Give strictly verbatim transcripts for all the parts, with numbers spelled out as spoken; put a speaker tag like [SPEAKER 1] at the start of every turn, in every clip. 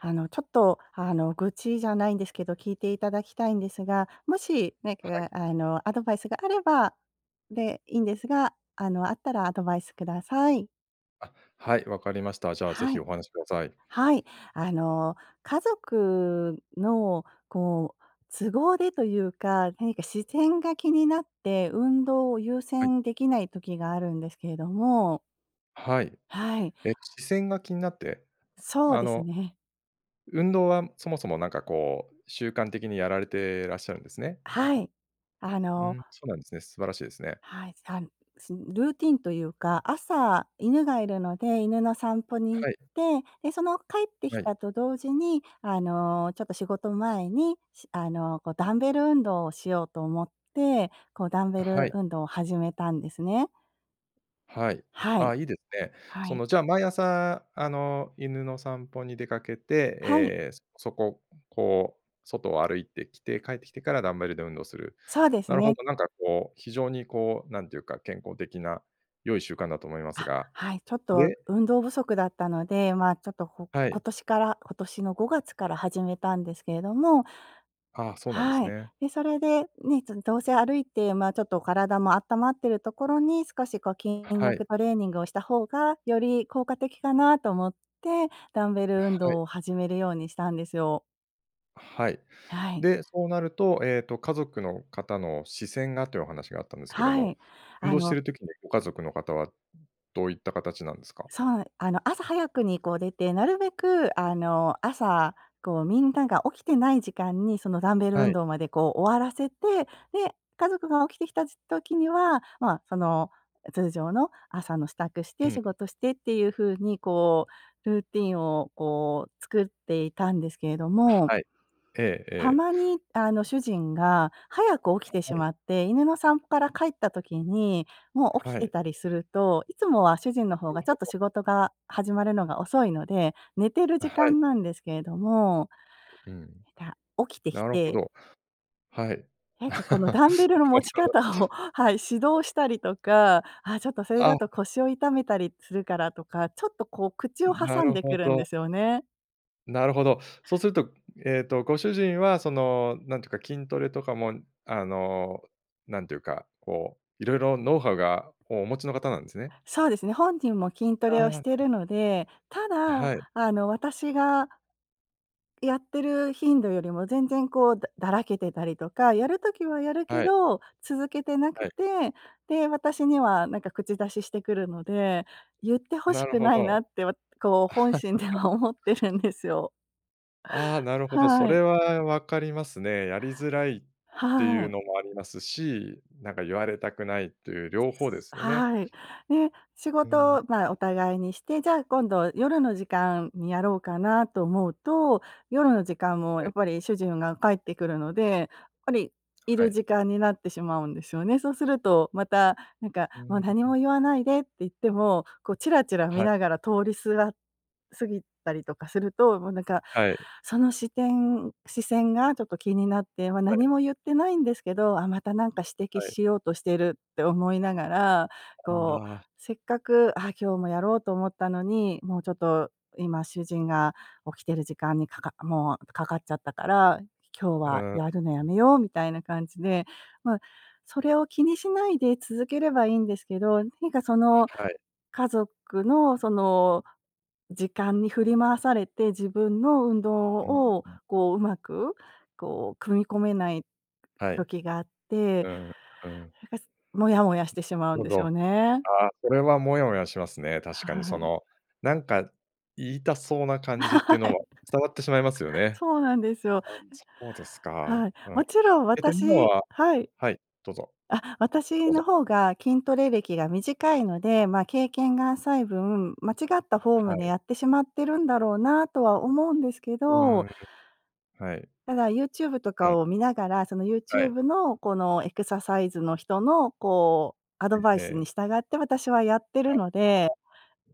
[SPEAKER 1] あの、ちょっと、あの、愚痴じゃないんですけど、聞いていただきたいんですが、もしなん
[SPEAKER 2] はい。
[SPEAKER 1] かあのアドバイスがあればでいいんですが、あの、あったらアドバイスください。
[SPEAKER 2] あ、はい、わかりました。じゃあぜ
[SPEAKER 1] は
[SPEAKER 2] ひ
[SPEAKER 1] い。
[SPEAKER 2] お話しください。
[SPEAKER 1] はい。あの、家族の、こう都合でというか、何か視線が気になって、運動を優
[SPEAKER 2] はい。
[SPEAKER 1] 先できない時があるんですけれども。
[SPEAKER 2] はい、
[SPEAKER 1] はい。
[SPEAKER 2] え、視線が気になって？
[SPEAKER 1] そう
[SPEAKER 2] あ
[SPEAKER 1] です
[SPEAKER 2] の。
[SPEAKER 1] ね。
[SPEAKER 2] 運動はそもそもなんかこう、習慣的にやられてらっしゃるんですね。
[SPEAKER 1] はい。あ
[SPEAKER 2] う
[SPEAKER 1] の
[SPEAKER 2] ん、そうなんですね。素晴らしいですね。
[SPEAKER 1] はい、さんすルーティンというか、朝、犬がいるので、犬の散歩に行
[SPEAKER 2] は
[SPEAKER 1] っ
[SPEAKER 2] い。
[SPEAKER 1] て、で、その帰ってき
[SPEAKER 2] はい。
[SPEAKER 1] たと同時にあの、ちょっと仕事前に、しあの、こうダンベル運動をしようと思って、こうダンベ
[SPEAKER 2] は
[SPEAKER 1] ル
[SPEAKER 2] い。
[SPEAKER 1] 運動を始めたんですね。
[SPEAKER 2] はい。
[SPEAKER 1] はい。
[SPEAKER 2] あ、いいでね。
[SPEAKER 1] は
[SPEAKER 2] そ
[SPEAKER 1] い。
[SPEAKER 2] の、じゃあ毎朝あの、犬の散歩に出かけて、
[SPEAKER 1] はい。
[SPEAKER 2] え、そそこ、こう外を歩いてきて、帰ってきてからダンベルで運動する。
[SPEAKER 1] そうです
[SPEAKER 2] なるほ
[SPEAKER 1] ね。
[SPEAKER 2] ど、なんかこう、非常にこう、なんていうか、健康的な良い習慣だと思います
[SPEAKER 1] あ、
[SPEAKER 2] が、
[SPEAKER 1] はい、ちょっと
[SPEAKER 2] で？
[SPEAKER 1] 運動不足だったので、ま、ちょっとこ
[SPEAKER 2] は
[SPEAKER 1] 今
[SPEAKER 2] い。
[SPEAKER 1] 年から今年のごがつから始めたんですけれども
[SPEAKER 2] ああ、そうなんで
[SPEAKER 1] は
[SPEAKER 2] す
[SPEAKER 1] い。
[SPEAKER 2] ね。
[SPEAKER 1] で、それで、ね、ちょっとどうせ歩いてま、ちょっと体も温まっているところに少しこう筋
[SPEAKER 2] はい。
[SPEAKER 1] 力トレーニングをした方が、より効果的かなと思って、ダンベル運
[SPEAKER 2] はい。
[SPEAKER 1] 動を始めるようにしたんですよ。
[SPEAKER 2] はい。
[SPEAKER 1] はい。
[SPEAKER 2] で、そうなるとええと、家族の方の視線がというお話があったんですけど
[SPEAKER 1] は
[SPEAKER 2] も、
[SPEAKER 1] い、
[SPEAKER 2] 運
[SPEAKER 1] あ
[SPEAKER 2] 動して
[SPEAKER 1] の
[SPEAKER 2] る時にご家族の方はどういった形なんですか？
[SPEAKER 1] そう、あの朝早くにこう出て、なるべくあの、朝、こうみんなが起きてない時間にそのダンベル
[SPEAKER 2] は
[SPEAKER 1] 運
[SPEAKER 2] い。
[SPEAKER 1] 動までこう終わらせて、で、家族が起きてきたじ時にはまあその、通常の朝の支度して、
[SPEAKER 2] うん。
[SPEAKER 1] 仕事してっていう風に、こう、ルーティンをこう作っていたんですけれど
[SPEAKER 2] あ、
[SPEAKER 1] も
[SPEAKER 2] はい。ええ
[SPEAKER 1] た
[SPEAKER 2] え
[SPEAKER 1] まに、あの
[SPEAKER 2] え。
[SPEAKER 1] 主人が早く起き
[SPEAKER 2] は
[SPEAKER 1] てし
[SPEAKER 2] い。
[SPEAKER 1] まって、犬の散歩から帰った時に、もう起き
[SPEAKER 2] は
[SPEAKER 1] て
[SPEAKER 2] い。
[SPEAKER 1] たりすると、いつもは主人の方
[SPEAKER 2] る
[SPEAKER 1] がちょっ
[SPEAKER 2] ほ
[SPEAKER 1] と
[SPEAKER 2] ど。
[SPEAKER 1] 仕事が始まるのが遅いので、寝てる
[SPEAKER 2] は
[SPEAKER 1] 時
[SPEAKER 2] い。
[SPEAKER 1] 間なんですけれども、
[SPEAKER 2] うん。
[SPEAKER 1] した起きてき
[SPEAKER 2] なるほ
[SPEAKER 1] て
[SPEAKER 2] ど、はい。
[SPEAKER 1] なんかこ の、
[SPEAKER 2] なる
[SPEAKER 1] ダンベルの持ち
[SPEAKER 2] ほ
[SPEAKER 1] 方
[SPEAKER 2] ど。
[SPEAKER 1] をはい、指導したりとか、あ、ちょっとそれだと
[SPEAKER 2] あ。
[SPEAKER 1] 腰を痛めたりするからとか、ちょっとこう口を
[SPEAKER 2] ん、な
[SPEAKER 1] 挟ん
[SPEAKER 2] る
[SPEAKER 1] でく
[SPEAKER 2] ほ
[SPEAKER 1] るんで
[SPEAKER 2] ど。
[SPEAKER 1] すよね。
[SPEAKER 2] なるほど、そうすると、ええとご主人はそのなんていうか筋トレとかも、あのなんていうかこういろいろ、ノウハウがお持ちの方なんですね。
[SPEAKER 1] そうですね、本人も筋ト
[SPEAKER 2] ああ、
[SPEAKER 1] レをし
[SPEAKER 2] なん
[SPEAKER 1] て
[SPEAKER 2] か。
[SPEAKER 1] るので、た
[SPEAKER 2] あ、
[SPEAKER 1] だ、
[SPEAKER 2] はい。
[SPEAKER 1] あの私がやってる頻度よりも全然こうだだらけてたりとか、やる時はやるけ
[SPEAKER 2] はい。
[SPEAKER 1] ど続けてなく
[SPEAKER 2] はい。
[SPEAKER 1] て、で、私にはなんか口出ししてくるので、言ってほし
[SPEAKER 2] なる
[SPEAKER 1] く
[SPEAKER 2] ほ
[SPEAKER 1] ないなっ
[SPEAKER 2] ど。
[SPEAKER 1] てわこう本心では思ってるん ですよ。
[SPEAKER 2] ああ、なるほど、そ
[SPEAKER 1] はい。
[SPEAKER 2] れはわかりますね。やりづらいって
[SPEAKER 1] は
[SPEAKER 2] いう
[SPEAKER 1] い。
[SPEAKER 2] のもありますし、なんか言われたくないっていう両方ですよね。
[SPEAKER 1] はい。で、仕
[SPEAKER 2] うーん。
[SPEAKER 1] 事、まあお互いにして、じゃあ今度、夜の時間にやろうかなと思うと、夜の時間もや
[SPEAKER 2] は
[SPEAKER 1] っ
[SPEAKER 2] い。
[SPEAKER 1] ぱり主人が帰ってくるので、ぱりい
[SPEAKER 2] は
[SPEAKER 1] る
[SPEAKER 2] い。
[SPEAKER 1] 時間になってしまうんですよね。そうするとまたなんか
[SPEAKER 2] うー
[SPEAKER 1] 「も
[SPEAKER 2] ん。
[SPEAKER 1] う
[SPEAKER 2] う
[SPEAKER 1] 何
[SPEAKER 2] う
[SPEAKER 1] も
[SPEAKER 2] ん。
[SPEAKER 1] 言わないで」って言っても、こうチラチラ見
[SPEAKER 2] はい。
[SPEAKER 1] ながら通りすがすぎたりとかすると、もうなんか
[SPEAKER 2] はい。
[SPEAKER 1] その視点視線がちょっと気になって、ま、
[SPEAKER 2] は
[SPEAKER 1] 何
[SPEAKER 2] い。
[SPEAKER 1] も言ってないんですけど、あ、またなんか指摘
[SPEAKER 2] はい。
[SPEAKER 1] しようとしてるって思いながら、
[SPEAKER 2] こん
[SPEAKER 1] こう、
[SPEAKER 2] な
[SPEAKER 1] せっかく、ああ今日もやろうと思ったのに、もうちょっと、今主人が起きてる時間にかかもうかかっちゃったから、今日
[SPEAKER 2] う
[SPEAKER 1] は
[SPEAKER 2] ん。
[SPEAKER 1] やるのやめようみたいな感じで。まあ、それを気にしないで続ければいいんですけど、何かその
[SPEAKER 2] はい。
[SPEAKER 1] 家族のその時間に振り回されて、自分の運動
[SPEAKER 2] うーん。
[SPEAKER 1] を
[SPEAKER 2] う。
[SPEAKER 1] こう、うまくこう組み込めない
[SPEAKER 2] はい。
[SPEAKER 1] 時があって、
[SPEAKER 2] うん、うん。
[SPEAKER 1] なんか、モヤモヤしてしまうん
[SPEAKER 2] ほ
[SPEAKER 1] でしょ
[SPEAKER 2] ど。
[SPEAKER 1] うね。
[SPEAKER 2] ああ、それはモヤモヤしますね、確かに
[SPEAKER 1] は
[SPEAKER 2] そ
[SPEAKER 1] い。
[SPEAKER 2] のなんか言いたそうな
[SPEAKER 1] はい。
[SPEAKER 2] 感じっていうのは伝わってしまいますよ ね。
[SPEAKER 1] そうなんですよ。
[SPEAKER 2] ああそうです
[SPEAKER 1] え、
[SPEAKER 2] か。
[SPEAKER 1] はい、
[SPEAKER 2] うん。
[SPEAKER 1] もちろん
[SPEAKER 2] えと今
[SPEAKER 1] 私
[SPEAKER 2] は
[SPEAKER 1] はい。
[SPEAKER 2] はい、どうぞ。
[SPEAKER 1] あ、
[SPEAKER 2] ど
[SPEAKER 1] 私
[SPEAKER 2] うぞ。
[SPEAKER 1] の方が筋トレ歴が短いので、まあ、経験が浅い分、間違ったフォーム
[SPEAKER 2] は
[SPEAKER 1] で
[SPEAKER 2] い。
[SPEAKER 1] やってしまってるんだろうなとは思うんですけ
[SPEAKER 2] うー
[SPEAKER 1] ど
[SPEAKER 2] ん。はい。
[SPEAKER 1] ただ YouTube と
[SPEAKER 2] うん。
[SPEAKER 1] かを見ながら、その
[SPEAKER 2] はい。
[SPEAKER 1] YouTube のこのエクササイズの人のこうアドバ
[SPEAKER 2] え
[SPEAKER 1] イス
[SPEAKER 2] え。
[SPEAKER 1] に従って私はやって
[SPEAKER 2] は
[SPEAKER 1] る
[SPEAKER 2] い。
[SPEAKER 1] ので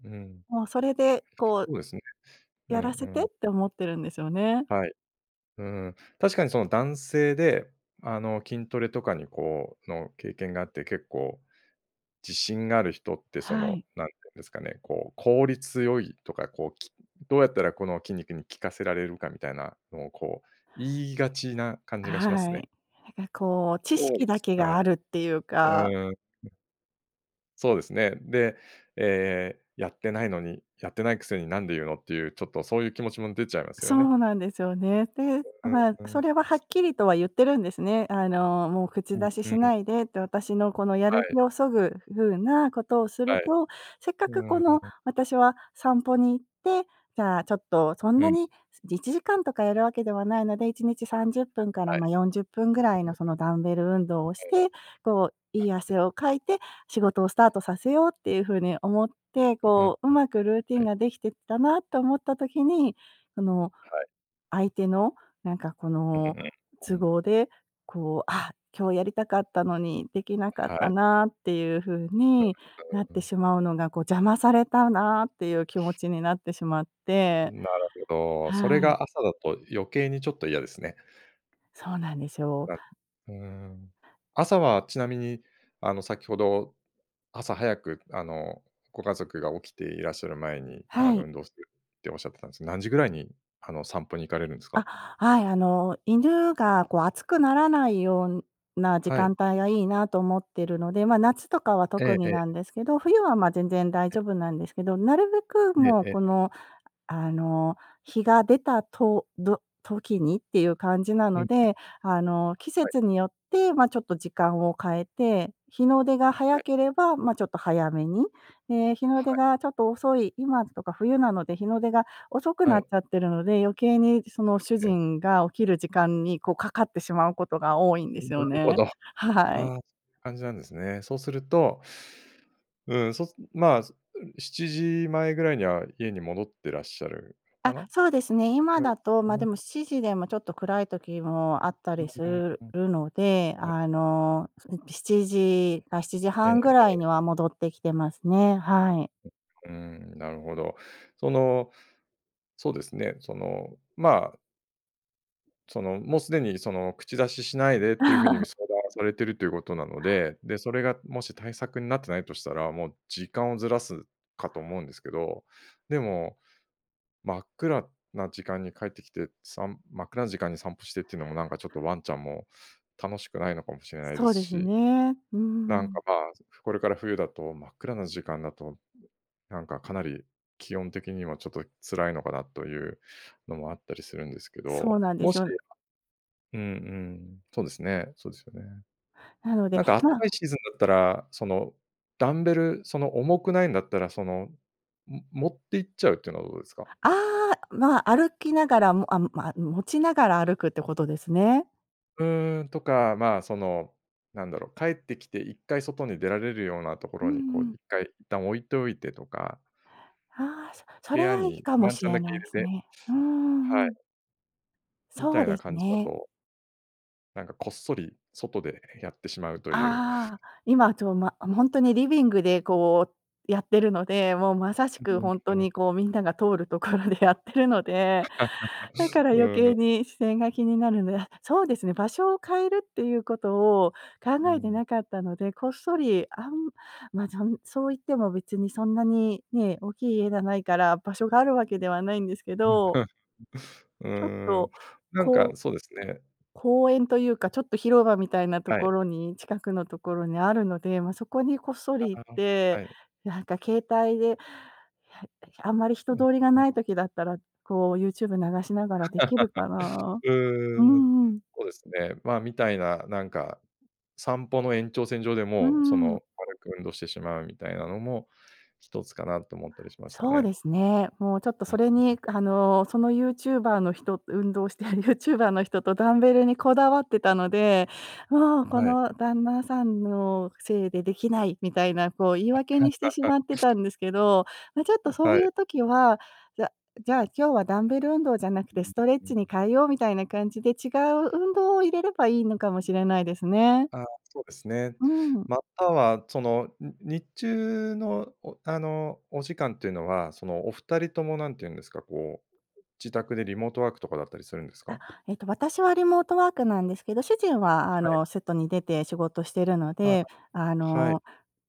[SPEAKER 2] うん。
[SPEAKER 1] もうそれでこう、
[SPEAKER 2] そうですね。う
[SPEAKER 1] や
[SPEAKER 2] ん
[SPEAKER 1] ら
[SPEAKER 2] う
[SPEAKER 1] せてっ
[SPEAKER 2] ん。
[SPEAKER 1] て思ってるんですよね。
[SPEAKER 2] はい。うーん、確かにその、男性で、あの筋トレとかにこうの経験があって、結構自信がある人ってそ
[SPEAKER 1] は
[SPEAKER 2] の
[SPEAKER 1] い。
[SPEAKER 2] なんていうんですかね、こう、効率良いとかこう、きどうやったらこの筋肉に効かせられるかみたいなのをこう言いがちな感
[SPEAKER 1] あ、
[SPEAKER 2] じがしま
[SPEAKER 1] は
[SPEAKER 2] すね。
[SPEAKER 1] い、なんかこう知
[SPEAKER 2] そう
[SPEAKER 1] 識
[SPEAKER 2] で
[SPEAKER 1] だ
[SPEAKER 2] す
[SPEAKER 1] けが
[SPEAKER 2] か。
[SPEAKER 1] あるっていうか
[SPEAKER 2] うーん。そうですね。で、ええ、やってないのにやってないくせに何で言うのっていう、ちょっとそういう気持ちも出ちゃいます
[SPEAKER 1] そ
[SPEAKER 2] よね。
[SPEAKER 1] うなんですよね。で、
[SPEAKER 2] うん
[SPEAKER 1] まあ、
[SPEAKER 2] うんう
[SPEAKER 1] そ
[SPEAKER 2] ん。
[SPEAKER 1] れははっきりとは言ってるんですね。あの「もう
[SPEAKER 2] う
[SPEAKER 1] 口
[SPEAKER 2] ん
[SPEAKER 1] 出し
[SPEAKER 2] う
[SPEAKER 1] し
[SPEAKER 2] ん。
[SPEAKER 1] ないで」って、私のこのや
[SPEAKER 2] は
[SPEAKER 1] る
[SPEAKER 2] い。
[SPEAKER 1] 気をそぐ風なことをする
[SPEAKER 2] はい。
[SPEAKER 1] と、せっかく
[SPEAKER 2] う
[SPEAKER 1] この、
[SPEAKER 2] ーん。
[SPEAKER 1] 私は散歩に行って、じゃあ、ちょっとそん
[SPEAKER 2] う
[SPEAKER 1] な
[SPEAKER 2] ん。
[SPEAKER 1] にいちじかんとかやるわけではないので、いちにちさんじゅっぷんから、
[SPEAKER 2] はい。
[SPEAKER 1] まあ、よんじゅっぷんぐらい
[SPEAKER 2] ううん。
[SPEAKER 1] の
[SPEAKER 2] はい。
[SPEAKER 1] そのダンベル運動をして、こう、
[SPEAKER 2] あ、
[SPEAKER 1] い
[SPEAKER 2] は
[SPEAKER 1] い
[SPEAKER 2] い。
[SPEAKER 1] 汗をかいて仕事をスタートさせようっていう風に思って、
[SPEAKER 2] う、ううんうん、
[SPEAKER 1] こう上手くルーティン
[SPEAKER 2] はい。
[SPEAKER 1] ができてったなと思った時に、その、
[SPEAKER 2] はい。
[SPEAKER 1] 相手のなんかこ
[SPEAKER 2] う
[SPEAKER 1] の
[SPEAKER 2] んうん、う
[SPEAKER 1] 都
[SPEAKER 2] ん。
[SPEAKER 1] 合で、こう、あ、今日やりたかったのに、できなかっ
[SPEAKER 2] は
[SPEAKER 1] た
[SPEAKER 2] い。
[SPEAKER 1] なっていう風
[SPEAKER 2] うう、
[SPEAKER 1] になっ
[SPEAKER 2] うー
[SPEAKER 1] て
[SPEAKER 2] ん。
[SPEAKER 1] しまうのが、こう邪魔されたなっていう気持ちになってしまって
[SPEAKER 2] なるほど、それ
[SPEAKER 1] はい。
[SPEAKER 2] が朝だと余計にちょっと嫌ですね。
[SPEAKER 1] そうなんですよ。
[SPEAKER 2] なうーん、朝は、ちなみにあの、先ほど朝早くあのご家族が起きていらっしゃる前に、あ
[SPEAKER 1] は
[SPEAKER 2] の、
[SPEAKER 1] い。
[SPEAKER 2] 運動するっておっしゃってたんです、何時ぐらいにあの散歩に行かれるんですか？
[SPEAKER 1] あ、はい、あの犬がこう暑くならないような時
[SPEAKER 2] はい。
[SPEAKER 1] 間帯がいいなと思ってるので、ま、夏とかは
[SPEAKER 2] え
[SPEAKER 1] 特
[SPEAKER 2] ええ
[SPEAKER 1] に
[SPEAKER 2] え。
[SPEAKER 1] なんですけど、冬は、ま、全然大
[SPEAKER 2] え。
[SPEAKER 1] 丈夫なんですけど、なるべく
[SPEAKER 2] え
[SPEAKER 1] もう
[SPEAKER 2] ええ
[SPEAKER 1] こ
[SPEAKER 2] え。
[SPEAKER 1] のあの、日が出たと、ど時にっていう感じな
[SPEAKER 2] う
[SPEAKER 1] の
[SPEAKER 2] ん。
[SPEAKER 1] で、あの、季
[SPEAKER 2] はい。
[SPEAKER 1] 節によってまあ、ちょっと時間を変えて、日の出が
[SPEAKER 2] は
[SPEAKER 1] 早
[SPEAKER 2] い。
[SPEAKER 1] ければまあ、ちょっと早めに。ええ、日の
[SPEAKER 2] は
[SPEAKER 1] 出
[SPEAKER 2] い。
[SPEAKER 1] がちょっと遅い今とか冬なので、日の出が遅く
[SPEAKER 2] は
[SPEAKER 1] なっ
[SPEAKER 2] い。
[SPEAKER 1] ちゃってるので、余計にその主
[SPEAKER 2] ええ。
[SPEAKER 1] 人が起きる時間にこう、かかってしまうことが多いんで
[SPEAKER 2] ん、な
[SPEAKER 1] すよ
[SPEAKER 2] るほ
[SPEAKER 1] ね。
[SPEAKER 2] ど。ああ、
[SPEAKER 1] はい。
[SPEAKER 2] そんな感じなんですね。そうするとうん、そうすまあそん、しちじ前ぐらいには家に戻ってらっしゃる、か
[SPEAKER 1] あ、
[SPEAKER 2] な。
[SPEAKER 1] そうですね。
[SPEAKER 2] ぐ
[SPEAKER 1] 今
[SPEAKER 2] らい
[SPEAKER 1] だ
[SPEAKER 2] です
[SPEAKER 1] と、
[SPEAKER 2] か
[SPEAKER 1] ま、でも
[SPEAKER 2] ね。
[SPEAKER 1] しちじでもちょっと暗い時もあった
[SPEAKER 2] う
[SPEAKER 1] りす
[SPEAKER 2] んうん
[SPEAKER 1] る
[SPEAKER 2] うん。
[SPEAKER 1] るので、
[SPEAKER 2] こ
[SPEAKER 1] あの、その、しちじかしちじ
[SPEAKER 2] え
[SPEAKER 1] は
[SPEAKER 2] え
[SPEAKER 1] んぐら
[SPEAKER 2] え
[SPEAKER 1] い
[SPEAKER 2] え。
[SPEAKER 1] には戻ってきてますね、はい。
[SPEAKER 2] うーん、なるほど。そのそうですね、その、まあその、もうすでにその、口出ししないでっていう風に、ぐ 相談されてるということなので、で、それがもし対策んなってないとしたら、もう時間をずらすかと思うんですけど、でも、真っ暗な時間に帰ってきて、さん真っ暗な時間に散歩してっていうのも、なんかちょっとワンちゃんも楽しくないのかもしれないで
[SPEAKER 1] そ
[SPEAKER 2] す
[SPEAKER 1] うです
[SPEAKER 2] し。
[SPEAKER 1] ね。う
[SPEAKER 2] なん
[SPEAKER 1] ん。
[SPEAKER 2] か、ぱ、すこれから冬だと、真っ暗な時間だと、なんかかなり気温的にはちょっと辛いのかなというのもあったりするんですけ
[SPEAKER 1] そう
[SPEAKER 2] ど、
[SPEAKER 1] なんで
[SPEAKER 2] も
[SPEAKER 1] す
[SPEAKER 2] し、
[SPEAKER 1] よ。
[SPEAKER 2] あうんうん、そうですね、そうですよね。
[SPEAKER 1] なので
[SPEAKER 2] なんかあっ
[SPEAKER 1] ま
[SPEAKER 2] た
[SPEAKER 1] あ。
[SPEAKER 2] かいシーズンだったら、そのダンベル、その重くないんだったらその、ん、持って行っちゃうっていうのはどうですか？
[SPEAKER 1] ああ、ま、歩きながらも、あ、むま、持ちながら歩くってことですね。
[SPEAKER 2] うーん、とか、まあ、その、なんだろう、帰ってきて一回外に出られるようなとこ
[SPEAKER 1] う
[SPEAKER 2] ろ
[SPEAKER 1] ん
[SPEAKER 2] に、こう
[SPEAKER 1] うん。
[SPEAKER 2] 一回一旦置いておいてとか。
[SPEAKER 1] ああ、そそ
[SPEAKER 2] 部
[SPEAKER 1] れ
[SPEAKER 2] 屋
[SPEAKER 1] はいい
[SPEAKER 2] に
[SPEAKER 1] かも
[SPEAKER 2] ワン
[SPEAKER 1] し
[SPEAKER 2] ちゃん
[SPEAKER 1] れ
[SPEAKER 2] だけ
[SPEAKER 1] ない
[SPEAKER 2] 入
[SPEAKER 1] です
[SPEAKER 2] れて
[SPEAKER 1] ね。うんうんう
[SPEAKER 2] はい。
[SPEAKER 1] ん。
[SPEAKER 2] み
[SPEAKER 1] そ
[SPEAKER 2] た
[SPEAKER 1] う
[SPEAKER 2] い
[SPEAKER 1] で
[SPEAKER 2] な
[SPEAKER 1] す
[SPEAKER 2] 感じだ
[SPEAKER 1] ね。
[SPEAKER 2] となんか、こっそり、外でやってしまうという。
[SPEAKER 1] ああ、今ちょま、ほんとにリビングで、こう、やってるので、もうまさし
[SPEAKER 2] う
[SPEAKER 1] くほん
[SPEAKER 2] う
[SPEAKER 1] と
[SPEAKER 2] ん、ん。
[SPEAKER 1] にこう、みんなが通るところでやっているので、だか ら
[SPEAKER 2] う
[SPEAKER 1] 余
[SPEAKER 2] ー
[SPEAKER 1] 計
[SPEAKER 2] ん。
[SPEAKER 1] に視線が気になるんで、そうですね、場所を変えるっていうことを考
[SPEAKER 2] うー
[SPEAKER 1] えて
[SPEAKER 2] ん。
[SPEAKER 1] なかったので、こっそり、あん、ま、ちゃんそう言っても別にそんなにね、大きい家がないから場所があるわけではないんですけど。
[SPEAKER 2] うー
[SPEAKER 1] ちょっ
[SPEAKER 2] ん、
[SPEAKER 1] と、
[SPEAKER 2] なん
[SPEAKER 1] こ
[SPEAKER 2] か、
[SPEAKER 1] う
[SPEAKER 2] そうですね。
[SPEAKER 1] 公園というか、ちょっと、広場みたいなと
[SPEAKER 2] は
[SPEAKER 1] こ
[SPEAKER 2] い。
[SPEAKER 1] ろに、近くのところにあるので、ま、そこにこっそ
[SPEAKER 2] あ、
[SPEAKER 1] り行っ
[SPEAKER 2] あ、あ、
[SPEAKER 1] て、
[SPEAKER 2] はい。
[SPEAKER 1] なんか、携帯で、や [unintelligible] あんまり人
[SPEAKER 2] うん。
[SPEAKER 1] 通りが
[SPEAKER 2] あ。
[SPEAKER 1] ない時だったら、こう、YouTube 流しながらできるか な。
[SPEAKER 2] う
[SPEAKER 1] う
[SPEAKER 2] ーん。
[SPEAKER 1] ん、うん。
[SPEAKER 2] そうですね。まあ、みたいな、なんか、散歩の延長線上で
[SPEAKER 1] うー
[SPEAKER 2] も、そ
[SPEAKER 1] ん。
[SPEAKER 2] の軽く運動してしまうみたいなのも、ひとつかなと思ったりしました
[SPEAKER 1] そう
[SPEAKER 2] ね。
[SPEAKER 1] ですね。もうちょっと
[SPEAKER 2] うん、
[SPEAKER 1] そ
[SPEAKER 2] ん、
[SPEAKER 1] れ
[SPEAKER 2] ん。
[SPEAKER 1] に、あの、その、YouTuber の人運動している YouTuber の人と、ダンベルにこだわってたので、もうこ
[SPEAKER 2] はい。
[SPEAKER 1] の旦那さんのせいでできないみたいな、こう、言い
[SPEAKER 2] は
[SPEAKER 1] 訳にして
[SPEAKER 2] い、
[SPEAKER 1] し
[SPEAKER 2] [unintelligible]
[SPEAKER 1] まってたんですけど、ま、ちょっと、
[SPEAKER 2] ん、
[SPEAKER 1] そう
[SPEAKER 2] は
[SPEAKER 1] い
[SPEAKER 2] い。
[SPEAKER 1] う時は、「じゃじゃあ今日はダンベル運動じゃなく
[SPEAKER 2] う
[SPEAKER 1] て、
[SPEAKER 2] ん、
[SPEAKER 1] ストレッ
[SPEAKER 2] う
[SPEAKER 1] チに
[SPEAKER 2] ん。
[SPEAKER 1] 変えよう」みたいな感じで、違う運動を入れればいいのかもしれないですね。
[SPEAKER 2] ああ、そうですね。
[SPEAKER 1] うーん。
[SPEAKER 2] または、その、ん日中の、おあの、お時間というのは、その、お二人とも、何て言うんですか、こう、自宅でリモートワークとかだったりするんです
[SPEAKER 1] あ、
[SPEAKER 2] か？
[SPEAKER 1] えっと、私はリモートワークなんですけど、主人
[SPEAKER 2] あ、
[SPEAKER 1] は、あ
[SPEAKER 2] はい。
[SPEAKER 1] の、外に出て仕事しているの
[SPEAKER 2] [unintelligible]
[SPEAKER 1] で、あ
[SPEAKER 2] はい。
[SPEAKER 1] の、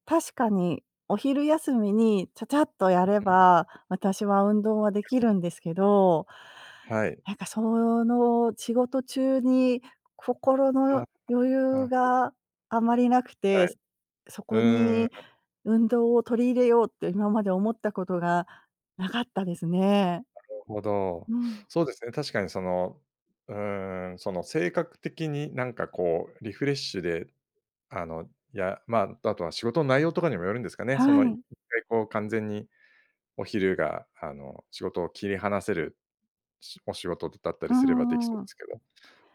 [SPEAKER 1] 確かに。お昼休みにちゃちゃっとやれ
[SPEAKER 2] う、うん。
[SPEAKER 1] ば、私は運動はでき
[SPEAKER 2] 多
[SPEAKER 1] る
[SPEAKER 2] 分。
[SPEAKER 1] んですけど、
[SPEAKER 2] はい。
[SPEAKER 1] なんか、その、仕事中に心
[SPEAKER 2] は、
[SPEAKER 1] の余
[SPEAKER 2] あ、な
[SPEAKER 1] 裕
[SPEAKER 2] るほど。
[SPEAKER 1] があまりなくて、
[SPEAKER 2] はい。
[SPEAKER 1] そ
[SPEAKER 2] う
[SPEAKER 1] こ
[SPEAKER 2] ー
[SPEAKER 1] に
[SPEAKER 2] ん。
[SPEAKER 1] 運動を取り入れようって、今まで思ったことがなかったですね。
[SPEAKER 2] なるほど。
[SPEAKER 1] うん。
[SPEAKER 2] そうですね、確かにその、うーん、その性格的になんかこう、リフレッシュで、あの、やまあ、あとは仕事の内容とかにもよるんですかね。そ
[SPEAKER 1] は
[SPEAKER 2] の、いっか
[SPEAKER 1] い。
[SPEAKER 2] いこう完全にお昼があの、仕事を切り離せる、しお仕事だった
[SPEAKER 1] う
[SPEAKER 2] り
[SPEAKER 1] ん
[SPEAKER 2] すればできそ
[SPEAKER 1] うんう
[SPEAKER 2] うで
[SPEAKER 1] ん。
[SPEAKER 2] すけど、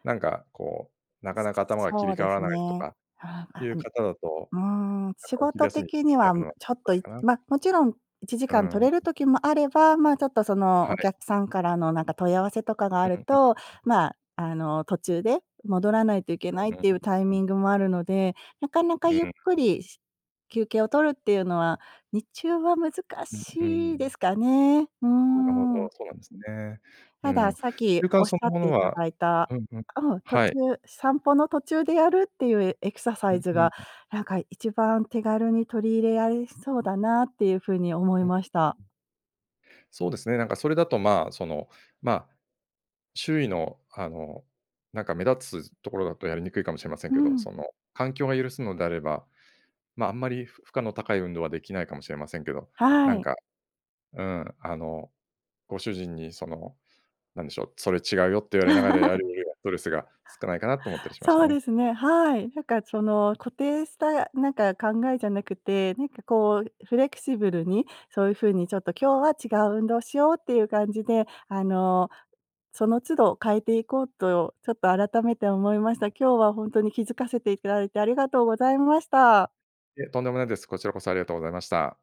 [SPEAKER 2] なんかこう、なかなか頭が切
[SPEAKER 1] そ
[SPEAKER 2] り
[SPEAKER 1] う
[SPEAKER 2] 替
[SPEAKER 1] で
[SPEAKER 2] わら
[SPEAKER 1] す
[SPEAKER 2] ないと
[SPEAKER 1] ね。
[SPEAKER 2] か
[SPEAKER 1] は
[SPEAKER 2] い
[SPEAKER 1] あ、あ、
[SPEAKER 2] う
[SPEAKER 1] う
[SPEAKER 2] 方だと、
[SPEAKER 1] んうーん。
[SPEAKER 2] なん
[SPEAKER 1] 仕
[SPEAKER 2] かお昼
[SPEAKER 1] 事
[SPEAKER 2] 休み
[SPEAKER 1] 的に
[SPEAKER 2] や
[SPEAKER 1] は
[SPEAKER 2] るのは
[SPEAKER 1] ちょっ
[SPEAKER 2] つ
[SPEAKER 1] と、
[SPEAKER 2] らいかな。
[SPEAKER 1] ま、もちろん、いちじ
[SPEAKER 2] う
[SPEAKER 1] かん
[SPEAKER 2] ー
[SPEAKER 1] 取れ
[SPEAKER 2] ん。
[SPEAKER 1] る時もあれば、まあ、ちょっと、その、
[SPEAKER 2] は
[SPEAKER 1] お
[SPEAKER 2] い。
[SPEAKER 1] 客さんからの、なんか、問い合わせとかがあ
[SPEAKER 2] う
[SPEAKER 1] る
[SPEAKER 2] ん、うん。
[SPEAKER 1] と、
[SPEAKER 2] ん。
[SPEAKER 1] まあ、あの、途中で戻らないといけないっていうタイ
[SPEAKER 2] うん。
[SPEAKER 1] ミングもあるので、なかなか
[SPEAKER 2] うん
[SPEAKER 1] ゆっ
[SPEAKER 2] う
[SPEAKER 1] く
[SPEAKER 2] ん、ん。
[SPEAKER 1] りし休憩をるっていうのは、日中は難
[SPEAKER 2] うん、うー
[SPEAKER 1] しいで
[SPEAKER 2] ん。
[SPEAKER 1] すかね。うー
[SPEAKER 2] なるほど、
[SPEAKER 1] ん。
[SPEAKER 2] そうなんですね。う
[SPEAKER 1] ただ、
[SPEAKER 2] ん。
[SPEAKER 1] さっき
[SPEAKER 2] 習慣
[SPEAKER 1] おっし
[SPEAKER 2] そ
[SPEAKER 1] ゃ
[SPEAKER 2] の
[SPEAKER 1] っ
[SPEAKER 2] も
[SPEAKER 1] て
[SPEAKER 2] の
[SPEAKER 1] いた
[SPEAKER 2] は、
[SPEAKER 1] だいた、
[SPEAKER 2] うん、うん、
[SPEAKER 1] うん、途
[SPEAKER 2] は
[SPEAKER 1] 中
[SPEAKER 2] い。
[SPEAKER 1] 散歩の途中でやるっていうエクササ
[SPEAKER 2] う
[SPEAKER 1] イ
[SPEAKER 2] ん、
[SPEAKER 1] ズ
[SPEAKER 2] うん、
[SPEAKER 1] が、
[SPEAKER 2] ん。
[SPEAKER 1] なんか、いちばん手軽に取り入れられそうだな、っていうふうに思いました。
[SPEAKER 2] そうですね、なんか、それだと、まあ、その、まあ、周囲の、あの、なんか、目立つところだとやりにくいかもしれません
[SPEAKER 1] う
[SPEAKER 2] けど、
[SPEAKER 1] ん。
[SPEAKER 2] その、環境を許すのであれば、まあ、あんまりふ負荷の高い運動はできないかもしれませんけど、な
[SPEAKER 1] は
[SPEAKER 2] ん
[SPEAKER 1] い。
[SPEAKER 2] か、うん、あの、ご主人に、その、何でしょう、「それ違うよ」って言われながらや るよりは、ストレスが少ないかなと思ったりしまし
[SPEAKER 1] そ
[SPEAKER 2] た
[SPEAKER 1] う
[SPEAKER 2] ね。
[SPEAKER 1] ですね。はい。なんか、その、固定した、なんか、考えじゃなくて、なんか、こう、フレキシブルに、そういうふうに、ちょっと、「今日は違う運動しよう」っていう感じで、あの、その都度変えていこうと、ちょっと、改めて思いました。今日はほんとに気づかせていただいてありがとうございました。
[SPEAKER 2] いえ、とんでもないです。こちらこそ、ありがとうございました。